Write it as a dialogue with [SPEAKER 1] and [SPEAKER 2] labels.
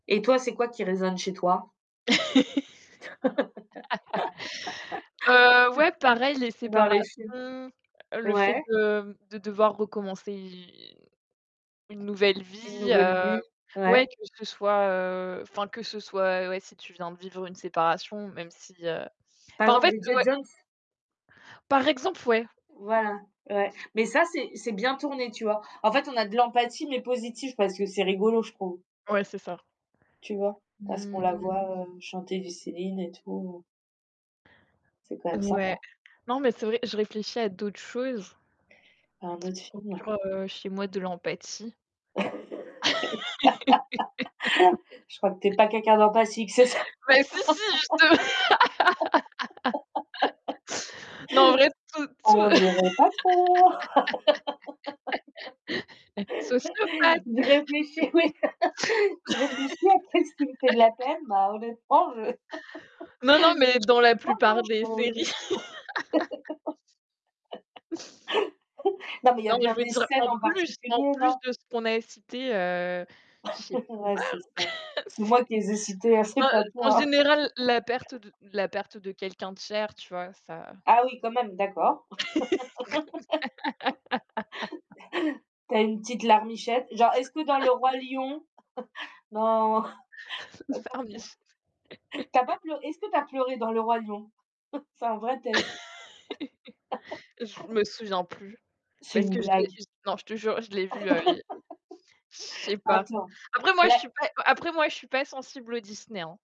[SPEAKER 1] Et toi, c'est quoi qui résonne chez toi?
[SPEAKER 2] Heu, ouais, pareil, les
[SPEAKER 1] Dans les
[SPEAKER 2] séparations,
[SPEAKER 1] films?
[SPEAKER 2] heu, le fait
[SPEAKER 1] Ouais.
[SPEAKER 2] de, mmh, de devoir recommencer une une nouvelle
[SPEAKER 1] Une
[SPEAKER 2] vie,
[SPEAKER 1] nouvelle
[SPEAKER 2] heu,
[SPEAKER 1] vie?
[SPEAKER 2] ouais,
[SPEAKER 1] Ouais.
[SPEAKER 2] que ce soit, heu, enfin, que ce soit, ouais, si tu viens de vivre une séparation, même si, heu,
[SPEAKER 1] Par
[SPEAKER 2] enfin, en
[SPEAKER 1] exemple,
[SPEAKER 2] fait
[SPEAKER 1] Bridget
[SPEAKER 2] ouais.
[SPEAKER 1] Jones?
[SPEAKER 2] Par exemple, ouais.
[SPEAKER 1] Voilà, ouais. Mais ça, c'est c'est bien tourné, tu vois? En fait, on a de l'empathie mais positive parce que c'est rigolo, je trouve.
[SPEAKER 2] Ouais, c'est ça.
[SPEAKER 1] Tu vois? Parce qu'on
[SPEAKER 2] Mmh
[SPEAKER 1] la
[SPEAKER 2] mh.
[SPEAKER 1] voit, heu, chanter du Céline et tout. C'est quand même sympa.
[SPEAKER 2] Ouais. Non, mais c'est vrai, je réfléchis à d'autres choses
[SPEAKER 1] Dans un
[SPEAKER 2] qui
[SPEAKER 1] autre film, heu?
[SPEAKER 2] procurent, heu, chez moi de l'empathie.
[SPEAKER 1] Je crois que tu es pas quelqu'un d'empathique! C'est ça?
[SPEAKER 2] Mais si, si, je te non, en vrai, tout tout
[SPEAKER 1] On dirait pas trop!
[SPEAKER 2] sociopathe!
[SPEAKER 1] Je réfléchis, oui! Je réfléchis à: «Qu'est ce qui me fait de la peine? Bah, honnêtement, je»
[SPEAKER 2] Non, non mais dans la
[SPEAKER 1] «Pas grand
[SPEAKER 2] plupart des
[SPEAKER 1] chose!»
[SPEAKER 2] séries.
[SPEAKER 1] Non, mais il y a
[SPEAKER 2] Non, je
[SPEAKER 1] bien
[SPEAKER 2] voulais
[SPEAKER 1] des
[SPEAKER 2] dire,
[SPEAKER 1] scènes
[SPEAKER 2] en
[SPEAKER 1] en
[SPEAKER 2] plus en
[SPEAKER 1] particulier,
[SPEAKER 2] plus
[SPEAKER 1] non?
[SPEAKER 2] de ce qu'on a cité, heu, je sais
[SPEAKER 1] Ouais, c'est ça.
[SPEAKER 2] pas,
[SPEAKER 1] C'est
[SPEAKER 2] c'est
[SPEAKER 1] moi qui les ai cités, hein, c'est
[SPEAKER 2] bah,
[SPEAKER 1] pas
[SPEAKER 2] heu, en
[SPEAKER 1] toi.
[SPEAKER 2] général, la perte de la perte de quelqu'un de cher, tu vois? Ça!
[SPEAKER 1] Ah oui, quand même, d'accord.
[SPEAKER 2] Pour combien?
[SPEAKER 1] Tu as une petite larmichette, genre, est-ce que dans le Roi Lion, non,
[SPEAKER 2] Pleurniche.
[SPEAKER 1] tu as pas tu as pas pleur est-ce que tu as pleuré dans le Roi Lion? C'est un vrai test!
[SPEAKER 2] Je me souviens plus,
[SPEAKER 1] C'est
[SPEAKER 2] parce
[SPEAKER 1] une
[SPEAKER 2] que je l'ai
[SPEAKER 1] blague?
[SPEAKER 2] non, je te jure, je l'ai vu, heu, il y a il je sais pas.
[SPEAKER 1] Attends,
[SPEAKER 2] Après moi, je
[SPEAKER 1] les
[SPEAKER 2] suis pas, après moi, je suis pas sensible aux Disney, hein.